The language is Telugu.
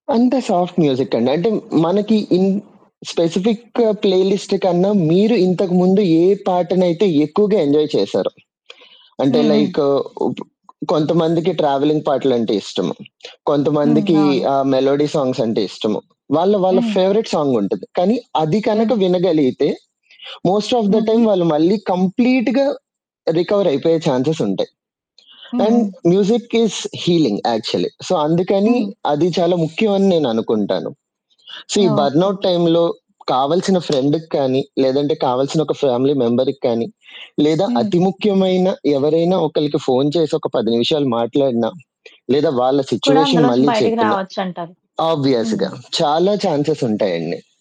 అంత సాఫ్ట్ మ్యూజిక్ అండి. అంటే మనకి ఇన్ స్పెసిఫికు ప్లేలిస్ట్ కన్నా మీరు ఇంతకుముందు ఏ పాటనైతే ఎక్కువగా ఎంజాయ్ చేశారో అంటే హ్మ్. హ్మ్. లైకు ఉప్ కొంతమందికి ట్రావెలింగ్ పాటలంటే ఇష్టం. హ్మ్. కొంతమందికి అవును. ఆహ్, మెలోడీ సాంగ్స్ అంటే ఇష్టము. వాళ్ళ వాళ్ళ హ్మ్. ఫేవరెట్ సాంగ్ ఉంటది. కానీ అది కనక హ్మ్. వినగలిగితే మోస్ట్ ఆఫ్ ద హుహు. టైమ్ వాళ్ళు మళ్ళీ కంప్లీట్‌గా రికవర్ అయిపోయే చాన్సెస్ ఉంటాయి. హ్మ్. అండ్ హ్మ్. Music is healing actually. So అందుకని హ్మ్. అది చాలా ముఖ్యం అని నేననుకుంటాను. సో ఈ ఓకే. బర్నౌట్ టైమ్‌లో కావాల్సిన ఫ్రెండ్‌కి కానీ లేదంటే కావాల్సిన ఒక ఫ్యామిలీ మెంబర్‌కి కానీ లేదా హ్మ్. అతి ముఖ్యమైన ఎవరైనా ఒకళ్ళకి ఫోను చేసి ఒక 10 నిమిషాలు మాట్లాడినా లేదా వాళ్ళ కూడా సిట్యుయేషన్ అందులో నుంచి మళ్ళీ బయటికి చెప్పినా రావచ్చంటారు. ఆబ్వియస్‌గా హ్మ్. చాలా చాన్సెస్ ఉంటాయండి.